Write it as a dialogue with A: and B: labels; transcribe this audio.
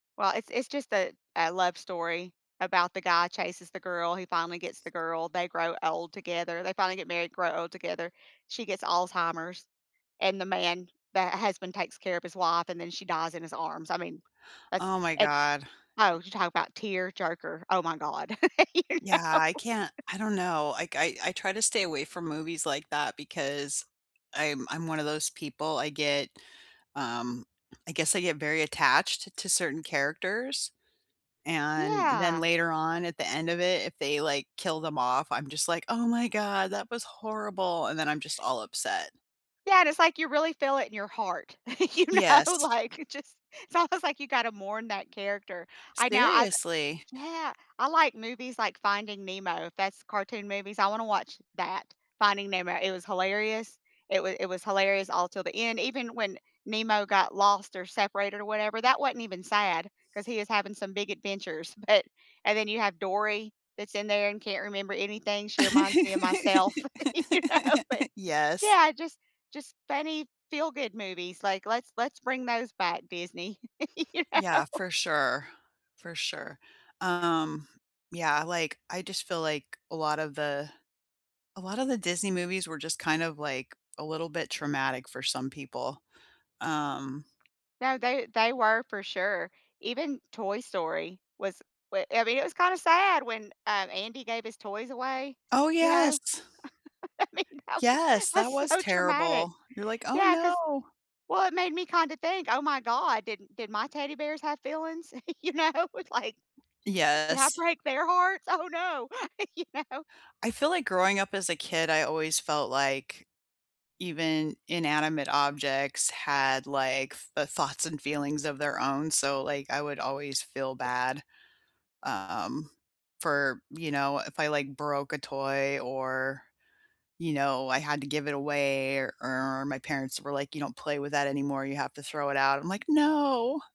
A: Well, it's it's just a a love story about the guy chases the girl, he finally gets the girl, they grow old together, they finally get married, grow old together. She gets Alzheimer's, and the man the, uh, husband takes care of his wife, and then she dies in his arms. I mean, that's
B: Oh my
A: eh
B: god.
A: Oh, you talk about tearjerker. Oh my god. You
B: Yeah,
A: know?
B: I can't I don't know. I k I I try to stay away from movies like that because I'm I'm one of those people, I get, um I guess I get very attached to certain characters, and then
A: Yeah.
B: later on, at the end of it, if they, like, kill them off, I'm just like, "Oh my god, that was horrible," and then I'm just all upset.
A: Yeah, and it's like you really feel it in your heart. You know,
B: Yes.
A: like, you just it's almost like you gotta mourn that character. I now, I've
B: Seriously.
A: Yeah. I like movies like Finding Nemo, if that's cartoon movies, I wanna watch that. Finding Nemo. It was hilarious. It wa it was hilarious all till the end. Even when Nemo got lost or separated or whatever, that wasn't even sad, 'cause he is having some big adventures. But and then you have Dory that's in there and can't remember anything. She reminds me of myself, you know, but,
B: Yes.
A: yeah, just just funny feel-good movies, like, let's let's bring those back, Disney, you
B: Yeah,
A: know?
B: for sure. For sure. Um, yeah, like, I just feel like a lot of the a lot of the Disney movies were just kind of, like, a little bit traumatic for some people. Um
A: No, they they were for sure. Even Toy Story was w I mean, it was kinda sad when, um, Andy gave his toys away,
B: Oh,
A: you know?
B: yes.
A: I mean, that was
B: Yes. That
A: that's
B: was
A: so traumatic.
B: terrible. You're like, "Oh,
A: Yeah, 'cause
B: no."
A: well, it made me kinda think, "Oh my god, did m did my teddy bears have feelings?" You know, like, "Did I
B: Yes.
A: break their hearts? Oh, no." You know?
B: I feel like growing up as a kid, I always felt like even inanimate objects had, like, f uh, thoughts and feelings of their own, so, like, I would always feel bad, um, for, you know, if I, like, broke a toy or, you know, I had to give it away or or my parents were like, "You don't play with that anymore, you have to throw it out," I'm like, "No."